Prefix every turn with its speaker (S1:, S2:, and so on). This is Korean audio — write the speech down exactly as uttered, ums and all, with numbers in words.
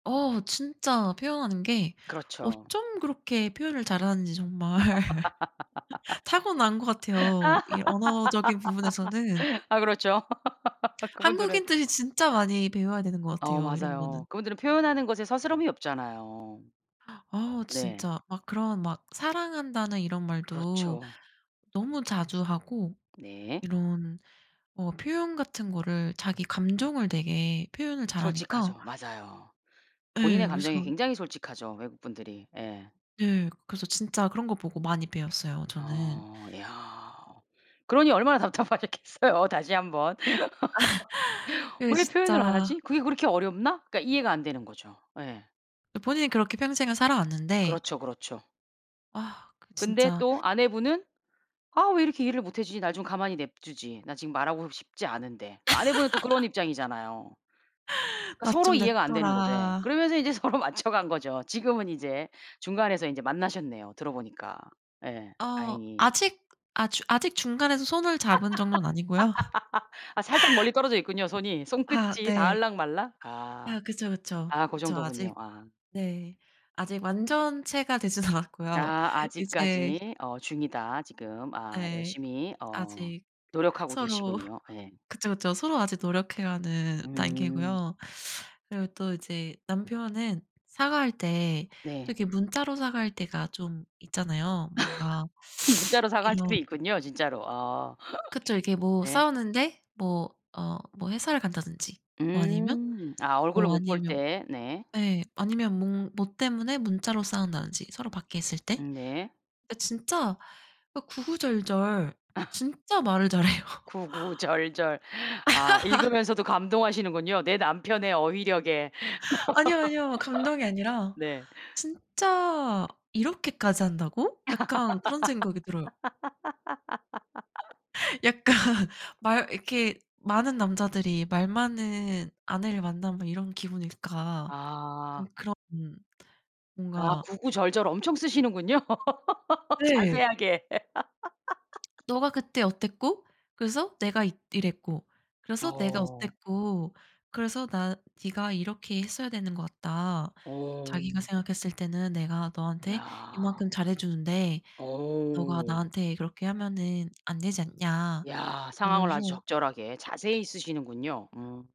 S1: 어 진짜 표현하는 게
S2: 그렇죠.
S1: 어쩜 그렇게 표현을 잘하는지 정말 타고난 것 같아요, 이 언어적인 부분에서는.
S2: 아 그렇죠. 그분들은.
S1: 한국인들이 진짜 많이 배워야 되는 것
S2: 어
S1: 같아요, 이런 거는.
S2: 맞아요. 그분들은 표현하는 것에 서스럼 이 없잖아요.
S1: 아
S2: 네.
S1: 진짜. 막 그런 막 사랑한다는 이런 말도
S2: 그렇죠.
S1: 너무 자주 하고
S2: 네.
S1: 이런 어 표현 같은 거를 자기 감정을 되게 표현을 잘하니까.
S2: 솔직하죠. 맞아요.
S1: 예.
S2: 본인의 감정에
S1: 그래서
S2: 굉장히 솔직하죠, 외국분들이. 예.
S1: 네. 그 그래서 진짜 그런 거 보고 많이 배웠어요 저는.
S2: 어 야. 그러니 얼마나 답답하셨겠어요, 다시 한번.
S1: 그게
S2: '왜 표현을 안
S1: 진짜
S2: 하지? 그게 그렇게 어렵나?' 그러니까 이해가 안 되는 거죠. 네.
S1: 본인이 그렇게 평생을 살아왔는데
S2: 그렇죠, 그렇죠.
S1: 아 그
S2: 근데
S1: 진짜.
S2: 또 아내분은 '아 왜 이렇게 이해를 못 해 주지? 나 좀 가만히 냅두지. 나 지금 말하고 싶지 않은데.' 그 아내분은 또 그런 입장이잖아요.
S1: 나
S2: 서로
S1: 좀
S2: 이해가 안되는거죠. 예.
S1: 냅둬라.
S2: 그러면서 이제 서로 맞춰간거죠. 지금은 이제 중간에서 이제 만나셨네요. 들어보니까. 예.
S1: 어
S2: 다행히.
S1: 아직 아주 아직 중간에서 손을 잡은 정도는 아니고요.
S2: 아 살짝 멀리 떨어져 있군요, 손이.
S1: 아
S2: 손끝이
S1: 네.
S2: 닿을락 말락. 아
S1: 아 그쵸, 그쵸,
S2: 아 그
S1: 그쵸.
S2: 정도군요.
S1: 아직
S2: 아.
S1: 네. 아직 완전체가 되진 않았고요.
S2: 아
S1: 이제
S2: 아직까지 어 중이다 지금 아
S1: 네.
S2: 열심히 어
S1: 아직
S2: 노력하고
S1: 서로
S2: 계시군요. 네.
S1: 그쵸, 그쵸. 서로 아직 노력해 가는
S2: 음.
S1: 단계고요. 그리고 또 이제 남편은 사과할 때 또
S2: 네.
S1: 이렇게 문자로 사과할 때가 좀 있잖아요. 뭔가
S2: 문자로 사과할 때도
S1: 이런
S2: 있군요, 진짜로. 아.
S1: 그쵸. 이렇게 뭐
S2: 네.
S1: 싸우는데 뭐 어 뭐 회사를 간다든지 뭐 아니면
S2: 음. 아 얼굴을
S1: 뭐
S2: 못 볼
S1: 아니면
S2: 때. 네.
S1: 예 아니면 뭐 뭐 때문에 문자로 싸운다든지 서로 밖에 있을 때.
S2: 네.
S1: 네 진짜 어 구구절절 진짜 말을 잘해요.
S2: 구구절절. 아 읽으면서도 감동하시는군요, 내 남편의 어휘력에.
S1: 아니요. 아니요. 감동이 아니라
S2: 네.
S1: '진짜 이렇게까지 한다고?' 약간 그런 생각이 들어요. 약간 말 이렇게 많은 남자들이 말 많은 아내를 만나면 이런 기분일까. 음
S2: 아.
S1: 그런 음
S2: 아
S1: 뭔가
S2: 구구절절 엄청 쓰시는군요.
S1: 네.
S2: 자세하게.
S1: "너가 그때 어땠고 그래서 내가 이 이랬고. 그래서 내가
S2: 어.
S1: 어땠고 그래서 나 네가 이렇게 했어야 되는 것 같다.
S2: 어.
S1: 자기가 생각했을 때는 내가 너한테
S2: 야.
S1: 이만큼 잘해주는데 너가
S2: 어.
S1: 나한테 그렇게 하면은 안 되지 않냐."
S2: 야
S1: 이런
S2: 상황을 아주
S1: 식으로
S2: 적절하게 자세히 쓰시는군요. 음.